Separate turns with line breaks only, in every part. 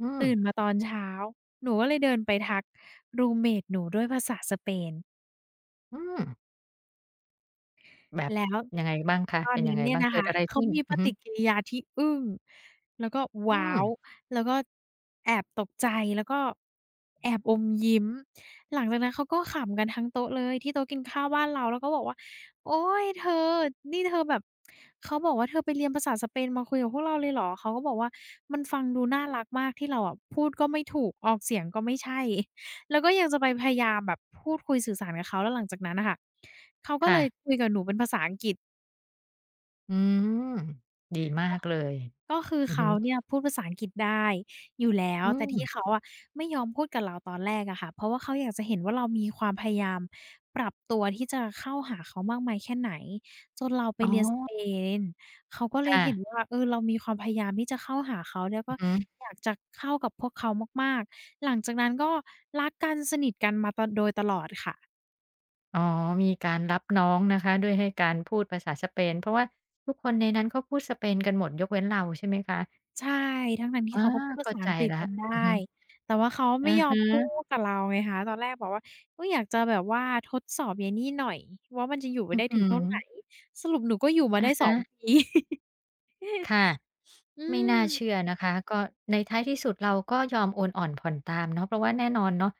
อื
ตื
ม
่นมาตอนเช้า หนูก็เลยเดินไปทัก รูมเมต หนูด้วยภาษาสเปน
อืม แบบ
แล้ว
ยังไงบ้างคะ
ตอ
เป
น
็น
น
ยั
ั
ง
้
ไ
น
ง
เนี่
บ
ย
้าง
น
เ
ะ
กิ
ค
ด
ะ
อะไร
เข
ขึ
า
้น?
มี
อ
ป
ือฮึ
ฏิกิริยาที่อึ้ง แล้วก็ ว
อื
้าว!
ม
แล้วก็แอบตกใจ แล้วก็แอบอมยิ้ม หลังจากนั้นเขาก็ขำกันทั้งโต๊ะเลย ที่โต๊ะกินข้าวบ้านเรา แล้วก็บอกว่า โอ๊ย เธอ นี่เธอแบบ เขาบอกว่า เธอไปเรียนภาษาสเปนมาคุยกับพวกเราเลยเหรอ เขาก็บอกว่ามันฟังดูน่ารักมาก ที่เราอะพูดก็ไม่ถูก ออกเสียงก็ไม่ใช่ แล้วก็ยังจะไปพยายามแบบพูดคุยสื่อสารกับเขา แล้วหลังจากนั้นน่ะค่ะ เขาก็
ค
เ
่
ลย
ะ
คุยกับหนูเป็นภาษาอังกฤษ
อืม ดีมา
ก็
กเลย
ก็คือ
อือ
เข
ฮึ
าเนี่ยพูดภาษาอังกฤษได้อยู่แล้ว
อื
แต่ที
ม
่เขาอะไม่ยอมพูดกับเราตอนแรกอะค่ะ เพราะว่าเขาอยากจะเห็นว่า เรามีความพยายามปรับตัวที่จะเข้าหาเขามากมายแค่ไหน จนเราไป
อ๋
เรียนสเ
อ
ปน เขาก็เล
ค
ย
่
เห็
ะ
นว่า เออ เรามีความพยายามที่จะเข้าหาเขา แล้วก
อื
็
อฮึ
อยากจะเข้ากับพวกเขามาก ๆ หลังจากนั้น ก็รักกันสนิทกันมาตะ โดยตลอดค่ะ
อ๋อ มีการรับน้องนะคะ ด้วยให้ การพูดภาษาสเปน เพราะว่าทุกคนในนั้นเขาพูดสเปนกันหมด ยกเว้นเราใช่ไหมคะ?
ใช่ ทั้ง ๆ ที
อ
่
๋อ
เขาก็พูดภ
เ
า
ข้า
ษา
ใ
อ
จ
ังกฤษ
แล้ว
กันได้
อือฮึ
แต่ว่าเขาไ
อ
ม่
ะ
ยอ
ฮ
มพู
ะ
ดกับเราไงคะ ตอนแรกแบบว่าก็อยากจะแบบว่าทดสอบยัยนี่หน่อยว่า มันจะอยู่ไป
อื้
ได
อ
้
ฮ
ถ
ื
ึงเท่าไหน
อ
สรุปหนูก็อยู่มา
อ
ได้
ะฮ
2
ะ
ปี อืม
ค่ะ
อื
ไม่น่าเช
ม
ื่อนะคะ ก็ในท้ายที่สุด เราก็ยอมโอนอ่อนผ่อนตามเนาะ เพราะว่าแน่นอนเนาะ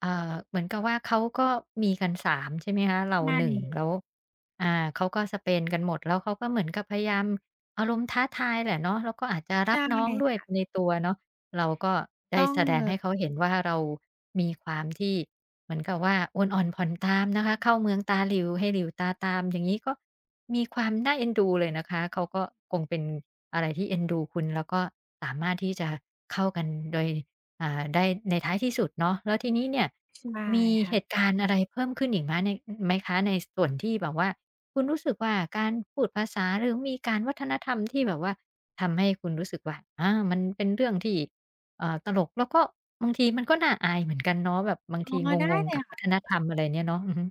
เอ่อ เหมือนกับว่า เขาก็มีกัน 3 ใช่ไหมคะ เรา
ไม
1
่
แล้ว อ่า เขาก็สเปนกันหมด แล้วเขาก็เหมือนกับพยายาม อารมณ์ท้าทายแหละเนาะ แล้วก็อาจจะ
ใ
ร
ช
ั
่
บน้องด้
ค
วย
่
ไ
ะ
ปในตัวเนาะ เราก็ได
ต
้
้อง
แสดงให
ล
้เขาเห็นว่า เรามีความที่เหมือนกับว่า โอนอ่อนผ่อนตามนะคะ เข้าเมืองตาหลิ่วให้หลิ่วตาตามอย่างงี้ ก็มีความน่าเอ็นดูเลยนะคะ เขาก็คงเป็นอะไรที่เอ็นดูคุณ แล้วก็สามารถที่จะเข้ากันโดย อ่า ได้ในท้ายที่สุดเนาะ แล้วทีนี้เนี่ย
ใช่
มี
ค่
เ
ะ
หตุการณ์อะไรเพิ่มขึ้นอีกไหมใน ไหมคะ? ในส่วนที่แบบว่าคุณรู้สึกว่า การพูดภาษา หรือมีการวัฒนธรรมที่แบบว่า ทำให้คุณรู้สึกว่า อา มันเป็นเรื่องที่ เอ่อ ตลก แล้วก็บางทีมันก็น่าอายเหมือนกันเนาะแบบบาง
อ๋
ท
อ
ี
ได้
งง
เล
ๆ ก
ย
ับ
ค
ว
่
ั
ะ
ฒนธรรม อะไรเนี่ยเนาะ อือฮึ